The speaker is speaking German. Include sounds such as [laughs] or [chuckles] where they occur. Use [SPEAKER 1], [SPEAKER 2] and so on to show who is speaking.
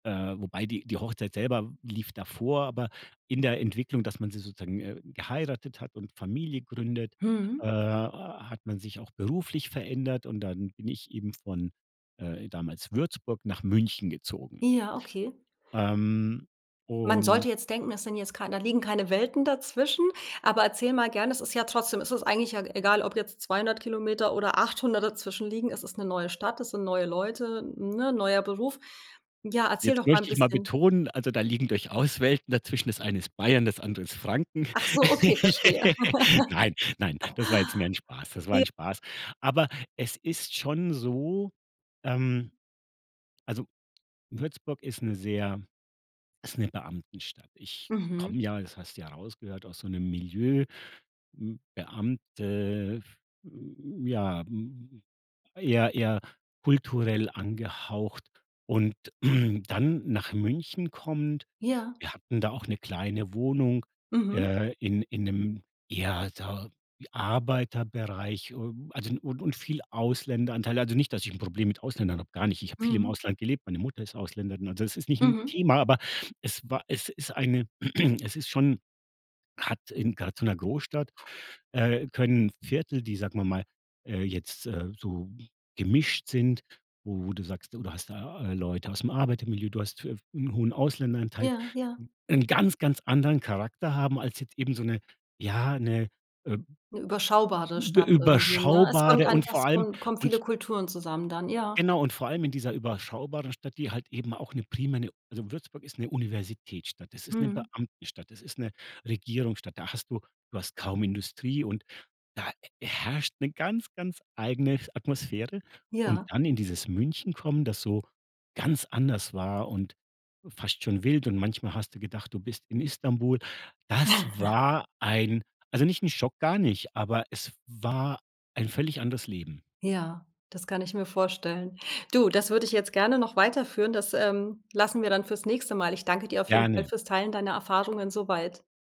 [SPEAKER 1] Äh, wobei die die Hochzeit selber w lief davor, aber in der Entwicklung, dass man sie sozusagen, äh, geheiratet hat und Familie gründet, äh,
[SPEAKER 2] Mhm.
[SPEAKER 1] hat man sich auch beruflich verändert und dann bin ich eben von, äh, damals Würzburg nach München gezogen.
[SPEAKER 2] Ja, okay.
[SPEAKER 1] Ähm,
[SPEAKER 2] Man sollte
[SPEAKER 1] und
[SPEAKER 2] jetzt denken, das sind jetzt kein da liegen keine Welten dazwischen, aber erzähl mal gern, es ist ja trotzdem es ist eigentlich ja egal, ob jetzt 200 km oder 800 km dazwischen liegen, es ist 'ne neue Stadt, es sind neue Leute, ne, neuer Beruf? Ja, erzähl
[SPEAKER 1] Jetzt
[SPEAKER 2] doch mal 'n
[SPEAKER 1] möchte ich mal
[SPEAKER 2] bisschen.
[SPEAKER 1] betonen, also, da liegen durchaus Welten dazwischen. Das eine ist Bayern, das andere ist Franken.
[SPEAKER 2] Ach so, okay, verstehe. [laughs]
[SPEAKER 1] [laughs] Nein, nein, das war jetzt mehr 'n Spaß. Das war
[SPEAKER 2] J
[SPEAKER 1] 'n Spaß. Aber es ist schon so, ähm also, Würzburg ist 'ne sehr ist 'ne Beamtenstadt. Ich komme
[SPEAKER 2] Mhm.
[SPEAKER 1] ja, das hast du ja rausgehört, aus so 'nem Milieu, hm Beamte, f hm, ja, hm eher eher kulturell angehaucht und [clears throat] dann nach München kommend.
[SPEAKER 2] Ja.
[SPEAKER 1] Wir hatten da auch 'ne kleine Wohnung,
[SPEAKER 2] Mhm.
[SPEAKER 1] äh, in in 'nem eher da wie Arbeiterbereich, ähm, also und und viel Ausländeranteil. Also, nicht, dass ich 'n Problem mit Ausländern habe, gar nicht. Ich habe viel im
[SPEAKER 2] Mhm.
[SPEAKER 1] Ausland gelebt, meine Mutter ist Ausländerin. Also, es ist nicht 'n
[SPEAKER 2] Mhm.
[SPEAKER 1] Thema, aber es war es ist eine [clears throat] es ist schon hat in grad in so 'ner Großstadt, äh, können Viertel, die, sagen wir mal, äh, jetzt, äh, so gemischt sind, wo wo du sagst, du da hast da Leute aus 'm Arbeitermilieu, du hast f hm, 'nen hohen Ausländeranteil,
[SPEAKER 2] Ja, ja.
[SPEAKER 1] 'nen ganz, ganz anderen Charakter haben als jetzt eben so 'ne, ja 'ne, ähm,
[SPEAKER 2] 'Ne
[SPEAKER 1] ü
[SPEAKER 2] überschaubare
[SPEAKER 1] übe
[SPEAKER 2] Stadt irgendwie, ne? Es kommt
[SPEAKER 1] überschaubare und
[SPEAKER 2] einfach
[SPEAKER 1] vor
[SPEAKER 2] es
[SPEAKER 1] allem
[SPEAKER 2] komm kommen
[SPEAKER 1] und
[SPEAKER 2] viele Kulturen zusammen dann, ja.
[SPEAKER 1] Genau und vor allem in dieser überschaubaren Stadt, die halt eben auch 'ne primäre 'ne also, Würzburg ist 'ne Universitätsstadt, das ist 'ne
[SPEAKER 2] Mhm.
[SPEAKER 1] Beamtenstadt, das ist 'ne Regierungsstadt, da hast du du hast kaum Industrie und da herrscht 'ne ganz, ganz eigene Atmosphäre. Und
[SPEAKER 2] Ja.
[SPEAKER 1] dann in dieses München kommen, das so ganz anders war und fast schon wild und manchmal hast du gedacht, du bist in Istanbul. Das
[SPEAKER 2] [chuckles]
[SPEAKER 1] war ein also, nicht 'n Schock, gar nicht, aber es war ein völlig anderes Leben.
[SPEAKER 2] Ja, das kann ich mir vorstellen. Du, das würde ich jetzt gerne noch weiterführen. Das, ähm, lassen wir dann fürs nächste Mal. Ich danke dir auf jeden Fall
[SPEAKER 1] Gerne.
[SPEAKER 2] fürs Teilen deiner Erfahrungen so weit.